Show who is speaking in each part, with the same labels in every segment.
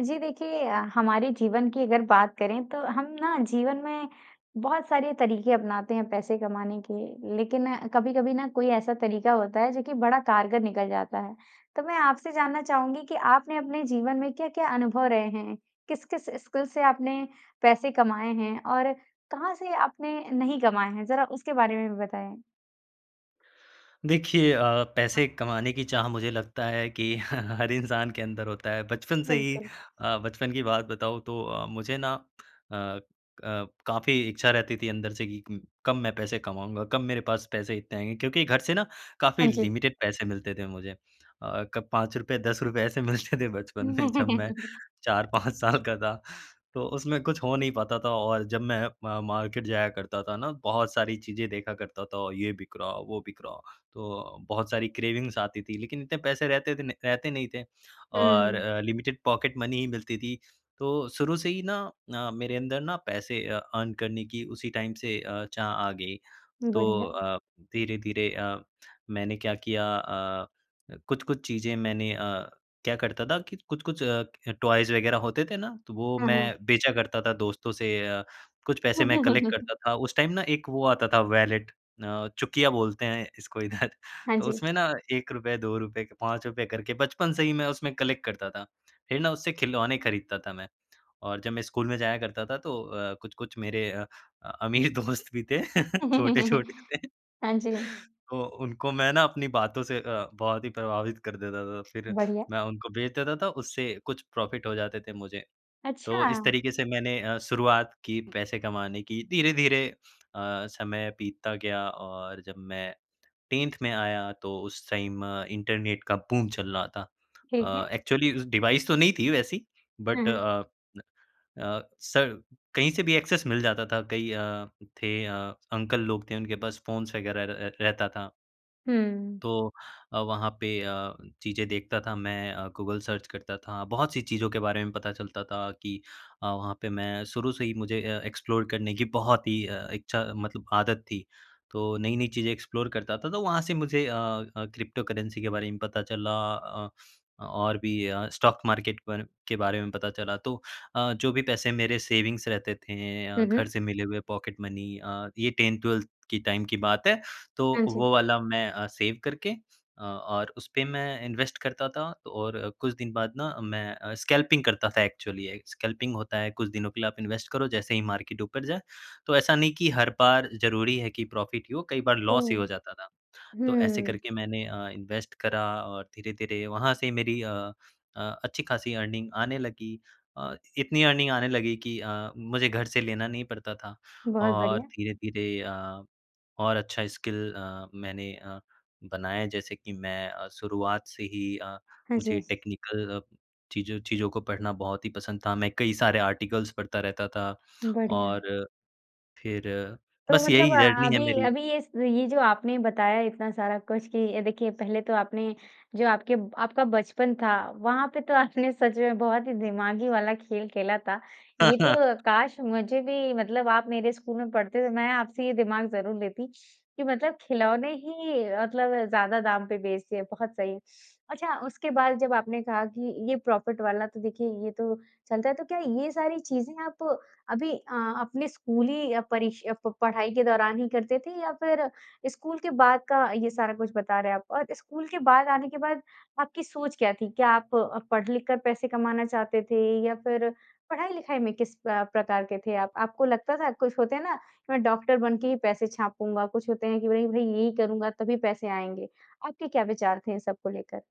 Speaker 1: जी। देखिए हमारे जीवन की अगर बात करें तो हम ना जीवन में बहुत सारे तरीके अपनाते हैं पैसे कमाने के। लेकिन कभी-कभी न कोई ऐसा तरीका होता है जो कि बड़ा कारगर निकल जाता है। तो मैं आपसे जानना चाहूँगी कि आपने अपने जीवन में क्या-क्या अनुभव रहे हैं? किस-किस स्किल्स से आपने पैसे कमाए हैं? और कहाँ से आपने नहीं कमाए हैं? ज़रा उसके बारे में भी बताएँ।
Speaker 2: देखिए अ, पैसे कमाने की चाह मुझे लगता है कि हर इंसान के अंदर होता है। बचपन से ही
Speaker 1: बिल्कुल।
Speaker 2: अ, बचपन की बात बताऊँ तो अ, मुझे ना अ, अ, काफ़ी इच्छा रहती थी अंदर से कि कब मैं पैसे कमाऊँगा? कब मेरे पास पैसे इतने आएँगे? क्योंकि घर से ना
Speaker 1: हाँ
Speaker 2: काफ़ी
Speaker 1: जी।
Speaker 2: लिमिटेड पैसे मिलते थे मुझे। अ, कब ₹5- ₹10 ऐसे मिलते थे बचपन में जब मैं 4-5 साल का था। तो उसमें कुछ हो नहीं पाता था और जब मैं म मार्केट जाया करता था ना बहुत सारी चीज़ें देखा करता था और ये बिक रहा वो बिक रहा। तो बहुत सारी क्रेविंग्स आती थी। लेकिन इतने पैसे रहते थे रहते नहीं थे और
Speaker 1: हुँ।
Speaker 2: अ, लिमिटेड पॉकेट मनी ही मिलती थी। तो शुरू से ही ना अ, मेरे अंदर ना पैसे अ, अर्न करने की उसी टाइम से अ, चाह आ गई। तो
Speaker 1: बढ़िया।
Speaker 2: अ, धीरे-धीरे अ, मैंने क्या किया अ, कुछ-कुछ चीज़ें मैंने अ क्या करता था कि कुछ-कुछ अ, टॉयज़ वग़ैरह होते थे ना तो वो
Speaker 1: हाँ, हाँ।
Speaker 2: मैं बेचा करता था दोस्तों से अ, कुछ पैसे मैं कलेक्ट करता था उस टाइम ना एक वो आता था वैलेट अ, चुकिया बोलते हैं इसको इधर।
Speaker 1: हाँ
Speaker 2: तो
Speaker 1: जी।
Speaker 2: उसमें ना 1, 2, के 5 करके बचपन से ही मैं उसमें कलेक्ट करता था। फ़िर ना उससे खिलौने ख़रीदता था मैं। और जब मैं स्कूल में जाया करता था तो अ, कुछ-कुछ मेरे अ, अमीर दोस्त भी थे छोटे-छोटे थे।
Speaker 1: हाँ जी।
Speaker 2: तो उनको मैं ना अपनी बातों से अ, बहुत ही प्रभावित कर देता था। फ़िर
Speaker 1: बढ़िया।
Speaker 2: मैं उनको बेच देता था उससे कुछ प्रॉफ़िट हो जाते थे मुझे। तो इस
Speaker 1: अच्छा।
Speaker 2: तरीके से मैंने अ, शुरुआत की पैसे कमाने की। धीरे-धीरे अ, समय बीतता गया और जब मैं 10th में आया तो उस टाइम इंटरनेट का बूम चल रहा था।
Speaker 1: ठीक
Speaker 2: अ,
Speaker 1: है।
Speaker 2: एक्चुअली डिवाइस तो नहीं थी वैसी
Speaker 1: हुँ,
Speaker 2: but
Speaker 1: hmm.
Speaker 2: A a, sir कहीं से भी एक्सेस मिल जाता था। कई अ, थे अ, अंकल लोग थे उनके पास फ़ोन्स वग़ैरह र रहता था।
Speaker 1: हुँ।
Speaker 2: तो अ, वहाँ पे अ, चीज़ें देखता था मैं। अ, गूगल सर्च करता था बहुत-सी चीज़ों के बारे में पता चलता था कि अ, वहाँ पे मैं शुरू से ही मुझे अ, एक्सप्लोर करने की बहुत ही अ, इच्छा मतलब आदत थी। तो नई-नई चीज़ें एक्सप्लोर करता था। तो वहाँ से मुझे अ अ, क्रिप्टोकरेंसी के बारे में पता चला। अ अ, और भी अ, स्टॉक मार्केट के बारे के बारे में पता चला तो अ, जो भी पैसे मेरे सेविंग रहते थे। अ,
Speaker 1: हुँ,
Speaker 2: घर
Speaker 1: हुँ।
Speaker 2: से मिले हुए पॉकेट मनी अ, ये 10th-12th की टाइम की बात है। तो
Speaker 1: हाँ जी।
Speaker 2: वो वाला मैं अ, सेव करके अ, और उसपे मैं इन्वेस्ट करता था और कुछ दिन बाद ना मैं अ, स्कैल्पिंग करता था एक्चुअली। ये स्कल्पिंग होता है, कुछ दिनों के लिए आप इन्वेस्ट करो जैसे ही मार्केट ऊपर जाए, तो ऐसा नहीं की हर बार ज़रूरी है की प्रॉफ़िट ही हो, कई बार लॉस ही हो
Speaker 1: हुँ।
Speaker 2: जाता था। तो ऐसे
Speaker 1: हुँ।
Speaker 2: करके मैंने अ, इन्वेस्ट करा और धीरे-धीरे वहाँ से मेरी अ अ, अच्छी-खासी अर्निंग आने लगी। अ, इतनी अर्निंग आने लगी कि अ, मुझे घर से लेना नहीं पड़ता था।
Speaker 1: बहुत
Speaker 2: और
Speaker 1: बढ़िया।
Speaker 2: धीरे-धीरे अ, और अच्छा स्किल अ, मैंने अ, बनाया जैसे कि मैं अ, शुरुआत से ही अ,
Speaker 1: हाँ
Speaker 2: मुझे
Speaker 1: जी।
Speaker 2: टेक्निकल चीज़ चीज़ों को पढ़ना बहुत ही पसंद था। मैं कई सारे आर्टिकल्स पढ़ता रहता था।
Speaker 1: बढ़िया।
Speaker 2: और फ़िर
Speaker 1: तो
Speaker 2: बस
Speaker 1: मतलब
Speaker 2: यही
Speaker 1: अ,
Speaker 2: जर्नी है
Speaker 1: अभी
Speaker 2: मेरी।
Speaker 1: अभी इस ये जो आपने बताया इतना सारा कुछ कि देखिए पहले तो आपने जो आपके आपका बचपन था वहाँ पे तो आपने सच में बहुत ही दिमागी वाला खेल खेला था। ये तो काश मुझे भी मतलब आप मेरे स्कूल में पढ़ते तो मैं आपसे ये दिमाग ज़रूर लेती कि मतलब खिलौने ही मतलब ज़्यादा दाम पे बेच दिए बहुत सही। अच्छा उसके बाद जब आपने कहा कि ये प्रॉफ़िट वाला तो देखिए ये तो चलता है। तो क्या ये सारी चीज़ें आप अभी अ, अपने स्कूली परीक्ष प पढ़ाई के दौरान ही करते थे या फ़िर स्कूल के बाद का ये सारा कुछ बता रहे हैं आप? और स्कूल के बाद आने के बाद आपकी सोच क्या थी? क्या आप पढ़-लिख कर पैसे कमाना चाहते थे? या फ़िर पढ़ाई-लिखाई में किस अ, प्रकार के थे आप? आपको लगता था कुछ होते हैं ना मैं डॉक्टर बन के ही पैसे छापूँगा कुछ होते हैं कि नहीं भाई यही करूँगा तभी पैसे आएँगे। आपके क्या विचार थे इन सबको लेकर?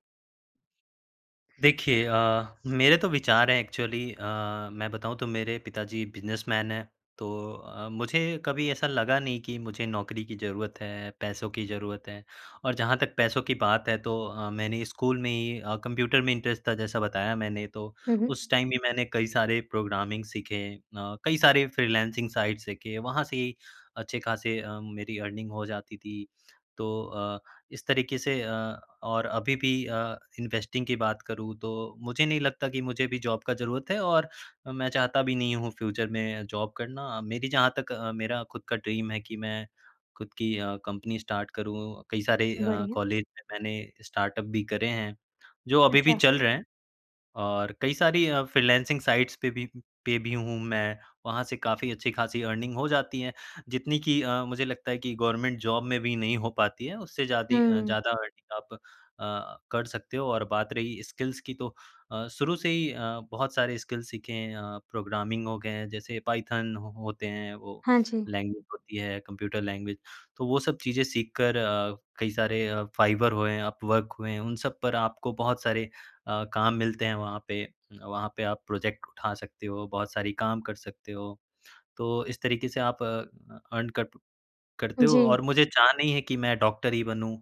Speaker 2: देखिए अ, मेरे तो विचार हैं एक्चुअली अ, मैं बताऊँ तो मेरे पिताजी बिजनेसमैन हैं तो अ, मुझे कभी ऐसा लगा नहीं कि मुझे नौकरी की ज़रूरत है, पैसों की ज़रूरत है। और जहाँ तक पैसों की बात है तो अ, मैंने स्कूल में ही अ, कंप्यूटर में इंटरेस्ट था जैसा बताया मैंने तो,
Speaker 1: हुँ, हुँ।
Speaker 2: उस टाइम भी मैंने कई सारे प्रोग्रामिंग सीखे है। अ, कई सारे फ्रीलांसिंग साइट्स सीखे, वहाँ से ही अच्छे-खासे अ, मेरी अर्निंग हो जाती थी। तो अ, इस तरीके से अ, और अभी भी अ, इन्वेस्टिंग की बात करूँ तो मुझे नहीं लगता कि मुझे अभी जॉब का ज़रूरत है और मैं चाहता भी नहीं हूँ फ्यूचर में जॉब करना। मेरी जहाँ तक अ, मेरा खुद का ड्रीम है कि मैं खुद की अ, कंपनी स्टार्ट करूँ, कई सारे अ,
Speaker 1: बढ़िया।
Speaker 2: कॉलेज में मैंने स्टार्टअप भी करे हैं, जो अभी भी
Speaker 1: अच्छा।
Speaker 2: चल रहे हैं और कई सारी अ, फ्रीलांसिंग साइट्स पे भी पे भी हूँ मैं, वहाँ से काफ़ी अच्छी खासी अर्निंग हो जाती है। जितनी की अ, मुझे लगता है कि गवर्नमेंट जॉब में भी नहीं हो पाती है, उससे जादी अ,
Speaker 1: हुँ।
Speaker 2: ज़्यादा अर्निंग आप अ, कर सकते हो और बात रही स्किल्स की तो अ, शुरू से ही अ, बहुत सारे स्किल सीखे हैं अ, प्रोग्रामिंग हो गए हैं। जैसे पायथन हो होते हैं वो,
Speaker 1: हाँ जी।
Speaker 2: लैंग्वेज होती है, कंप्यूटर लैंग्वेज तो वो सब चीज़ें सीख कर अ, कई सारे अ, फाइवर हुए अपवर्क हुए हैं उन सब पर आपको बहुत सारे अ, काम मिलते हैं वहाँ पे। वहाँ पे आप प्रोजेक्ट उठा सकते हो, बहुत सारी काम कर सकते हो। तो इस तरीके से आप अ, अर्न कर प करते हो
Speaker 1: जी।
Speaker 2: और मुझे चाह नहीं है कि मैं डॉक्टर ही बनूँ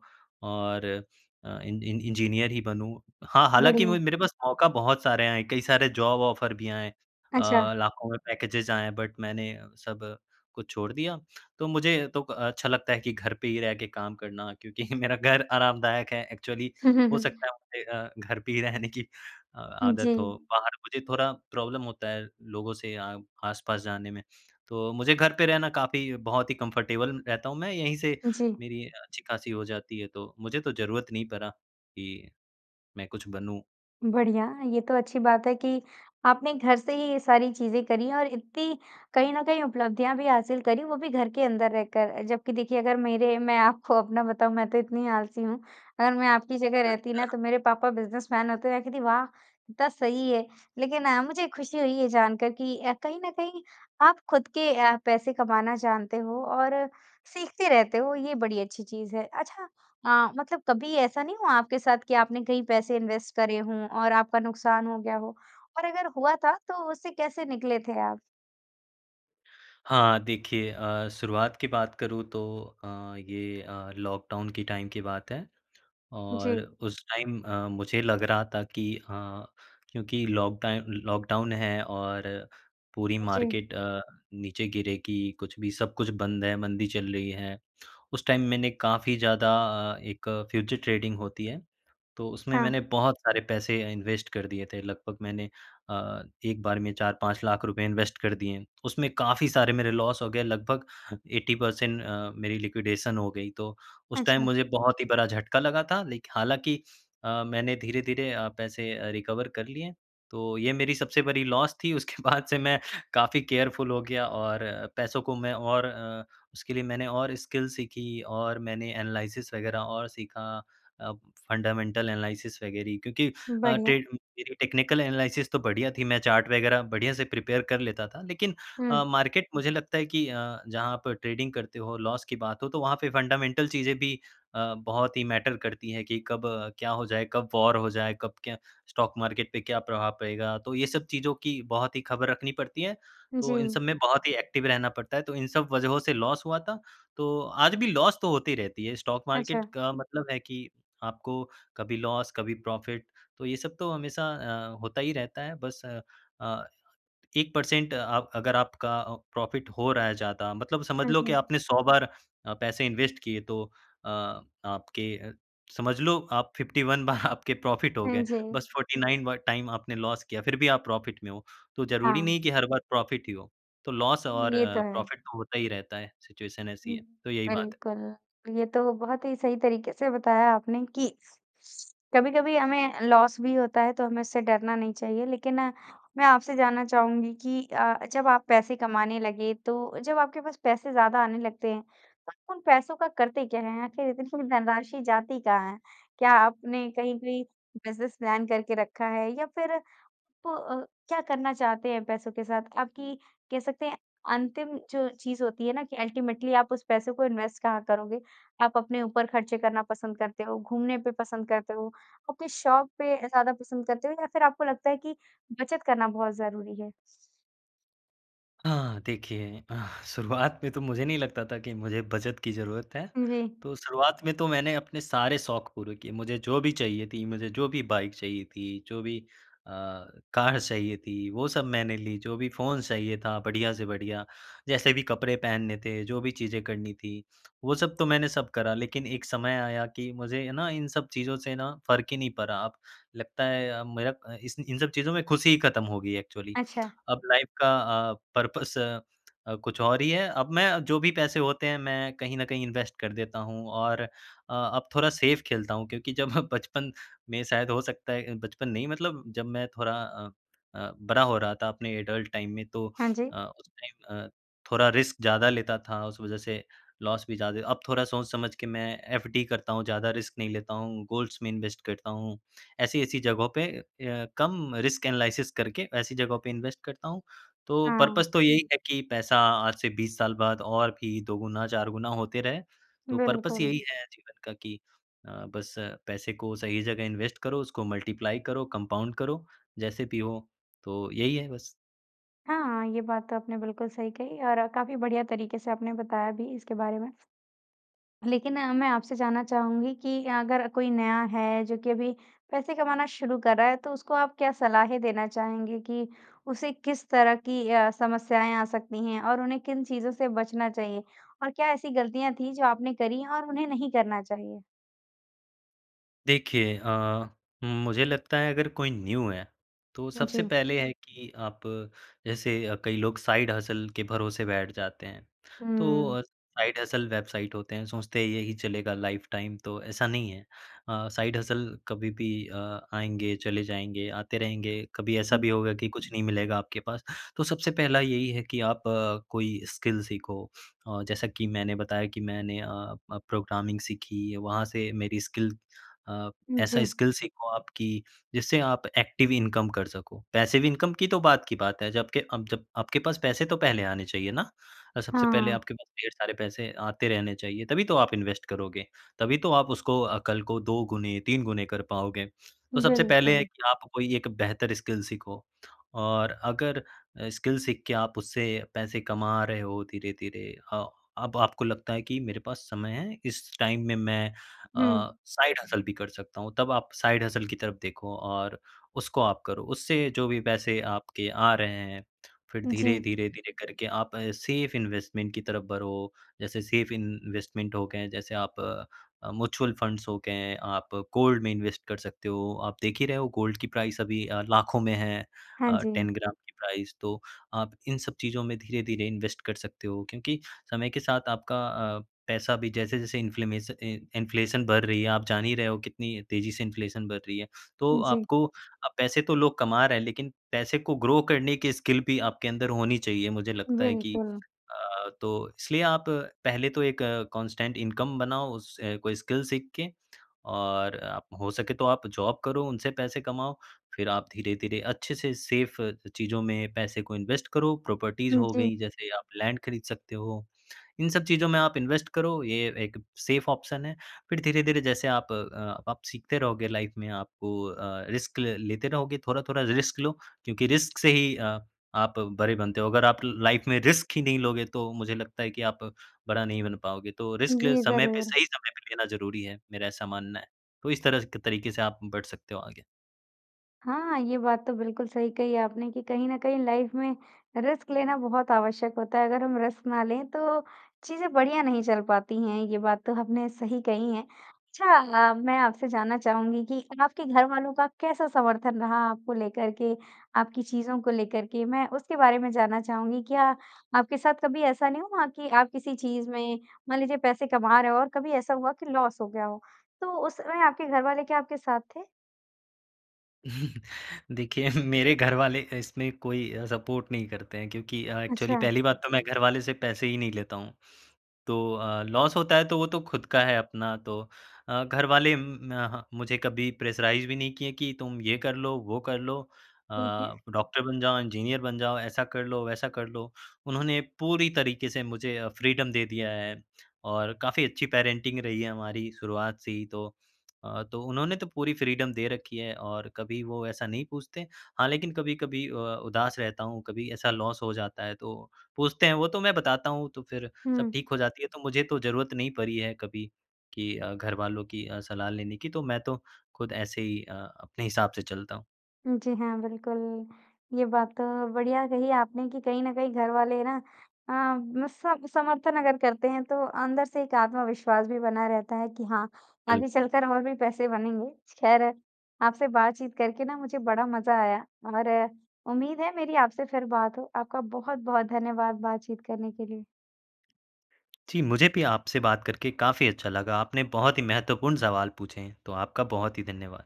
Speaker 2: और अ, इन इन इंजीनियर ही बनूँ। हाँ, हालाँकि मु
Speaker 1: बढ़िया।
Speaker 2: मेरे पास मौका बहुत सारे आए हैं, कई सारे जॉब ऑफर भी आए हैं,
Speaker 1: अच्छा।
Speaker 2: अ, लाखों में पैकेजेस आए बट मैंने सब, को छोड़ दिया। तो मुझे तो अच्छा लगता है कि घर पे ही रह के काम करना, क्योंकि मेरा घर आरामदायक है एक्चुअली
Speaker 1: हुँ, हुँ,
Speaker 2: हो
Speaker 1: हुँ।
Speaker 2: सकता है मुझे अ, घर पे ही रहने की अ,
Speaker 1: हाँ
Speaker 2: आदत हो,
Speaker 1: जी।
Speaker 2: बाहर मुझे थोड़ा प्रॉब्लम होता है लोगों से आ आस-पास जाने में, तो मुझे घर पे रहना काफ़ी बहुत ही कंफर्टेबल रहता हूँ मैं यहीं से
Speaker 1: जी।
Speaker 2: मेरी अच्छी-खासी हो जाती है तो मुझे तो ज़रूरत नहीं पड़ा कि, मैं कुछ बनूँ।
Speaker 1: बढ़िया। ये तो अच्छी बात है कि आपने घर से ही ये सारी चीज़ें करी और इतनी कहीं न कहीं उपलब्धियाँ भी हासिल करी, वो भी घर के अंदर रहकर। जबकि देखिए अगर मेरे मैं आपको अपना बताऊँ मैं तो इतनी आलसी हूँ, अगर मैं आपकी जगह रहती न
Speaker 2: अच्छा।
Speaker 1: तो मेरे पापा बिज़नेसमैन होते मैं कहती वाह! कितना सही है। लेकिन अ, मुझे खुशी हुई ये जानकर कि अ, कहीं न कहीं आप खुद के अ, पैसे कमाना जानते हो और सीखते रहते हो ये बड़ी अच्छी चीज़ है। अच्छा अ, मतलब कभी ऐसा नहीं हुआ आपके साथ कि आपने कहीं पैसे इन्वेस्ट करे हों और आपका नुकसान हो गया हो? और अगर हुआ था तो उससे कैसे निकले थे आप?
Speaker 2: हाँ, देखिए अ, शुरुआत की बात करूँ तो अ, ये अ, लॉकडाउन के टाइम की बात है। और
Speaker 1: जी।
Speaker 2: उस टाइम अ, मुझे लग रहा था कि अ, क्योंकि लॉकटाइन लॉकडाउन है और पूरी
Speaker 1: जी।
Speaker 2: मार्केट अ, नीचे गिरेगी, कुछ भी सब कुछ बंद है मंदी चल रही है। उस टाइम मैंने काफ़ी ज़्यादा अ, एक फ़्यूचर ट्रेडिंग होती है, तो उसमें मैंने
Speaker 1: हाँ।
Speaker 2: बहुत सारे पैसे इन्वेस्ट कर दिए थे। लगभग मैंने अ, एक बार में 4-5 लाख रुपए इन्वेस्ट कर दिए। उसमें क़ाफ़ी सारे मेरे लॉस हो गए लगभग 80 पर्सेंट अ, मेरी लिक्विडेशन हो गई, तो उस टाइम
Speaker 1: अच्छा।
Speaker 2: मुझे बहुत ही बड़ा झटका लगा था, लेकिन हालाँकि अ, मैंने धीरे-धीरे अ, पैसे अ, रिकवर कर लिए। तो ये मेरी सबसे बरी लॉस थी उसके बाद से मैं काफी केयरफुल हो गया और पैसों को मैं और अ, उसके लिए मैंने और स्किल सीखी, और मैंने एनालिसिस वगैरह और सीखा। अ, फंडामेंटल एनालिसिस वगैरह क्योंकि अ,
Speaker 1: बढ़िया।
Speaker 2: टे अ, मेरी टेक्निकल एनालिसिस तो बढ़िया थी। मैं चार्ट वगैरह बढ़िया से प्रिपेयर कर लेता था। लेकिन अ,
Speaker 1: हुँ।
Speaker 2: मार्केट मुझे लगता है कि अ, जहाँ पर ट्रेडिंग करते हो लॉस की बात हो तो वहाँ पे फंडामेंटल चीज़ें भी अ, बहुत ही मैटर करती है कि कब क्या हो जाए? कब वॉर हो जाए? कब क्या स्टॉक मार्केट पे क्या प्रभाव पड़ेगा? तो ये सब चीज़ों की बहुत ही खबर रखनी पड़ती है। तो इन
Speaker 1: जी।
Speaker 2: सब में बहुत ही एक्टिव रहना पड़ता है, तो इन सब वजहों से लॉस हुआ था। तो आज भी लॉस तो होती रहती है। स्टॉक मार्केट
Speaker 1: अच्छा।
Speaker 2: का मतलब है कि आपको कभी लॉस कभी प्रॉफिट। तो ये सब तो हमेशा अ, होता ही रहता है। बस अ, अ, 1 पर्सेंट अ, अगर आपका अ, प्रॉफिट हो रहा है ज़्यादा मतलब समझ
Speaker 1: हाँ
Speaker 2: लो कि
Speaker 1: जी।
Speaker 2: आपने 100 बार पैसे इन्वेस्ट किए तो अ, आपके अ, समझ लो आप 51 बार आपके प्रॉफिट हो
Speaker 1: हाँ
Speaker 2: गए।
Speaker 1: जी।
Speaker 2: बस 49 बार टाइम आपने लॉस किया, फिर भी आप प्रॉफिट में हो। तो जरूरी नहीं
Speaker 1: हाँ।
Speaker 2: हैं कि हर बार प्रॉफिट ही हो। तो लॉस और
Speaker 1: ये
Speaker 2: अ,
Speaker 1: तो है।
Speaker 2: प्रॉफिट तो होता ही रहता है, सिचुएशन ऐसी
Speaker 1: हुँ,
Speaker 2: है। तो यही बात है।
Speaker 1: बिल्कुल, ये तो बहुत ही सही तरीके से बताया आपने कि कभी-कभी हमें लॉस भी होता है तो हमें उससे डरना नहीं चाहिए, लेकिन मैं आपसे जानना चाहुँगी कि अ, जब आप पैसे कमाने लगे तो जब आपके पास पैसे ज़्यादा आने लगते हैं, तो उन पैसों का करते क्या हैं? आखिर इतनी धनराशि जाती कहाँ है? क्या आपने कहीं कोई बिज़नेस प्लान करके रखा है या फिर प अ, क्या करना चाहते हैं पैसों के साथ? आपकी कह सकते हैं अंतिम जो चीज़ होती है ना कि अल्टीमेटली आप उस पैसों को इन्वेस्ट कहाँ करोगे? आप अपने ऊपर खर्चे करना पसंद करते हो, घूमने पे पसंद करते हो, अपनी शौक़ पे ज़्यादा पसंद करते हो या फिर आपको लगता है कि बचत करना बहुत ज़रूरी है?
Speaker 2: हाँ, देखिए, शुरुआत में तो मुझे नहीं लगता था कि मुझे बचत की ज़रूरत है,
Speaker 1: जी।
Speaker 2: तो शुरुआत में तो मैंने अपने सारे शौक़ पूरे किए, मुझे जो भी चाहिए थी। मुझे जो भी बाइक चाहिए थी, जो भी अ, कार चाहिए थी, वो सब मैंने ली। जो भी फ़ोन चाहिए था, बढ़िया से बढ़िया, जैसे भी कपड़े पहनने थे, जो भी चीज़ें करनी थी, वो सब तो मैंने सब करा। लेकिन एक समय आया कि मुझे है ना, इन सब चीज़ों से ना फ़र्क ही नहीं पड़ा, अब लगता है अ, मेरा अ, इस इन सब चीज़ों में खुशी ही खत्म हो गई है एक्चुअली।
Speaker 1: अच्छा।
Speaker 2: अब लाइफ़ का अ, पर्पस अ, कुछ और ही है अब मैं जो भी पैसे होते हैं, मैं कहीं न कहीं इन्वेस्ट कर देता हूँ और अ, अब थोड़ा सेफ़ खेलता हूँ क्योंकि जब बचपन में शायद हो सकता है अ, बचपन नहीं मतलब जब मैं थोड़ा अ अ, बड़ा हो रहा था, अपने एडल्ट टाइम में, तो
Speaker 1: हाँ
Speaker 2: अ,
Speaker 1: जी।
Speaker 2: उस टाइम अ, थोड़ा रिस्क ज़्यादा लेता था। उस वजह से लॉस भी ज़्यादा ही अब थोड़ा सोच समझ के मैं एफडी करता हूँ, ज़्यादा रिस्क नहीं लेता हूँ, गोल्ड्स में इन्वेस्ट करता हूँ, ऐसी-ऐसी जगहों पे अ, कम रिस्क एनालिसिस करके, ऐसी जगहों पे इन्वेस्ट करता हूँ, तो
Speaker 1: हाँ।
Speaker 2: पर्पस तो यही है कि पैसा आज से 20 साल बाद और भी 2 गुना, 4 गुना होते रहे। तो परपस
Speaker 1: बिल्कुल।
Speaker 2: यही है जीवन का कि अ, बस पैसे को सही जगह इन्वेस्ट करो, उसको मल्टीप्लाई करो, कम्पाउन्ड करो, जैसे भी हो। तो यही है बस।
Speaker 1: हाँ, ये बात तो आपने बिल्कुल सही कही और अ, काफ़ी बढ़िया तरीके से आपने बताया भी इसके बारे में। लेकिन मैं आपसे जानना चाहूँगी कि अगर कोई नया है जो कि अभी पैसे कमाना शुरू कर रहा है, तो उसको आप क्या सलाहें देना चाहेंगे कि उसे किस तरह की अ, समस्याएँ आ सकती हैं और उन्हें किन चीज़ों से बचना चाहिए और क्या ऐसी गलतियाँ थी जो आपने करी हैं और उन्हें नहीं करना चाहिए?
Speaker 2: देखिए अ, मुझे लगता है अगर कोई न्यू है, तो सबसे
Speaker 1: जी।
Speaker 2: पहले है कि आप जैसे कई लोग साइड हसल के भरोसे बैठ जाते हैं। तो अ,
Speaker 1: हुँ।
Speaker 2: साइड हसल वेबसाइट होते हैं सोचते हैं यही चलेगा लाइफटाइम तो ऐसा नहीं है। अ, साइड हसल कभी भी अ, आएँगे, चले जाएँगे, आते रहेंगे, कभी ऐसा
Speaker 1: हुँ।
Speaker 2: भी होगा कि कुछ नहीं मिलेगा आपके पास। तो सबसे पहला यही है कि आप अ, कोई स्किल सीखो अ, जैसा कि मैंने बताया कि मैंने अ अ, प्रोग्रामिंग सीखी, वहाँ से मेरी स्किल अ, ऐसा
Speaker 1: जी।
Speaker 2: स्किल सीखो आप की जिससे आप एक्टिव इनकम कर सको। पैसिव इनकम की तो बाद की बात है, जबकि अब जब आपके पास पैसे तो पहले आने चाहिए ना? और सबसे पहले
Speaker 1: हाँ।
Speaker 2: आपके पास ढेर सारे पैसे आते रहने चाहिए, तभी तो आप इन्वेस्ट करोगे, तभी तो आप उसको अ, कल को 2 गुने, 3 गुने कर पाओगे। तो सबसे पहले
Speaker 1: बिल्कुल।
Speaker 2: की आप कोई एक बेहतर स्किल सीखो और अगर स्किल सीख के आप उससे पैसे कमा रहे हो धीरे-धीरे अ, अब आपको लगता है कि मेरे पास समय है, इस टाइम में मैं अ,
Speaker 1: हुँ।
Speaker 2: साइड हसल भी कर सकता हूँ तब आप साइड हसल की तरफ देखो और उसको आप करो उससे जो भी पैसे आपके आ रहे हैं। फिर
Speaker 1: जी।
Speaker 2: धीरे-धीरे धीरे करके आप सेफ इन्वेस्टमेंट की तरफ बढ़ो, जैसे सेफ इन्वेस्टमेंट हो गए जैसे आप अ, म्यूचुअल फंड्स हो गए, आप अ, गोल्ड में इन्वेस्ट कर सकते हो, आप देख ही रहे हो गोल्ड की प्राइस अभी अ, लाखों में है।
Speaker 1: हाँ
Speaker 2: अ,
Speaker 1: जी।
Speaker 2: 10 ग्राम की प्राइस तो आप इन सब चीजों में धीरे-धीरे इन्वेस्ट कर सकते हो क्योंकि समय के साथ आपका अ, पैसा भी जैसे-जैसे इन्फ्लेमेशन इन इन्फ्लेशन बढ़ रही है, आप जान ही रहे हो कितनी तेजी से इन्फ्लेशन बढ़ रही है, तो
Speaker 1: जी।
Speaker 2: आपको पैसे तो लोग कमा रहे हैं लेकिन पैसे को ग्रो करने की स्किल भी आपके अंदर होनी चाहिए, मुझे लगता है कि
Speaker 1: बिल्कुल।
Speaker 2: अ, तो इसलिए आप पहले तो एक कांस्टेंट इनकम बनाओ उस कोई स्किल सीख के और अ, हो सके तो आप जॉब करो, उनसे पैसे कमाओ, फिर आप धीरे-धीरे अच्छे से सेफ़ चीजों में पैसे को इन्वेस्ट करो, प्रॉपर्टीज
Speaker 1: हुँ,
Speaker 2: हो
Speaker 1: जी।
Speaker 2: गई जैसे आप लैंड खरीद सकते हो। इन सब चीजों में आप इन्वेस्ट करो ये अ, एक सेफ ऑप्शन है। फिर धीरे-धीरे जैसे आप अ, आप सीखते रहोगे लाइफ में आपको अ, रिस्क ल लेते रहोगे, थोड़ा-थोड़ा रिस्क लो क्योंकि रिस्क से ही अ, आप बड़े बनते हो। अगर आप लाइफ में रिस्क ही नहीं लोगे तो मुझे लगता है कि आप बड़ा नहीं बन पाओगे। तो रिस्क
Speaker 1: जी,
Speaker 2: समय पे
Speaker 1: ज़रूर।
Speaker 2: सही समय पे लेना ज़रूरी है मेरा ऐसा मानना है। तो इस तरह तरीके से आप बढ़ सकते हो आगे।
Speaker 1: हाँ। ये बात तो बिल्कुल सही कही आपने कि कहीं न कहीं लाइफ़ में रिस्क लेना बहुत आवश्यक होता है। अगर हम रिस्क ना लें तो चीज़ें बढ़िया नहीं चल पाती हैं ये बात तो आपने सही कही है। अच्छा अ, मैं आपसे जानना चाहूँगी कि आपके घरवालों का कैसा समर्थन रहा आपको लेकर के, आपकी चीज़ों को लेकर के मैं उसके बारे में जानना चाहूँगी। क्या आपके साथ कभी ऐसा नहीं हुआ कि आप किसी चीज़ में, मान लीजिए पैसे कमा रहे हो और कभी ऐसा हुआ कि लॉस हो गया हो तो उस समय आपके घर वाले क्या आपके साथ थे?
Speaker 2: देखिए, मेरे घर वाले इसमें कोई अ, सपोर्ट नहीं करते हैं क्योंकि अ, एक्चुअली
Speaker 1: अच्छा।
Speaker 2: पहली बात तो मैं घर वाले से पैसे ही नहीं लेता हूँ। तो अ, लॉस होता है तो वो तो खुद का है अपना तो अ, घरवाले म म ह मुझे कभी प्रेशराइज़ भी नहीं किए कि तुम ये कर लो, वो कर लो अ,
Speaker 1: ठीक है।
Speaker 2: डॉक्टर बन जाओ, इंजीनियर बन जाओ, ऐसा कर लो, वैसा कर लो। उन्होंने पूरी तरीके से मुझे अ, फ़्रीडम दे दिया है और काफ़ी अच्छी पेरेंटिंग रही है हमारी शुरुआत से ही तो अ, तो उन्होंने तो पूरी फ़्रीडम दे रखी है और कभी वो ऐसा नहीं पूछते। हाँ, लेकिन कभी-कभी अ, उदास रहता हूँ कभी ऐसा लॉस हो जाता है तो पूछते हैं वो, तो मैं बताता हूँ तो फ़िर सब
Speaker 1: हुँ।
Speaker 2: ठीक हो जाती है। तो मुझे तो ज़रूरत नहीं पड़ी है कभी कि अ, घरवालों की अ, सलाह लेने की तो मैं तो खुद ऐसे ही अ, अपने हिसाब से चलता हूँ।
Speaker 1: उ, जी। हाँ, बिल्कुल। ये बात तो बढ़िया कही आपने कि कहीं न कहीं घर वाले ना अम सम समर्थन अगर करते हैं तो अंदर से एक आत्मविश्वास भी बना रहता है कि हाँ, आगे
Speaker 2: बिल्कुल।
Speaker 1: चलकर और भी पैसे बनेंगे। खैर आपसे बातचीत करके ना मुझे बड़ा मज़ा आया और उम्मीद है मेरी आपसे फ़िर बात हो। आपका बहुत-बहुत धन्यवाद बातचीत करने के लिए।
Speaker 2: जी, मुझे भी आपसे बात करके काफ़ी अच्छा लगा। आपने बहुत ही महत्वपूर्ण सवाल पूछे हैं, तो आपका बहुत ही धन्यवाद।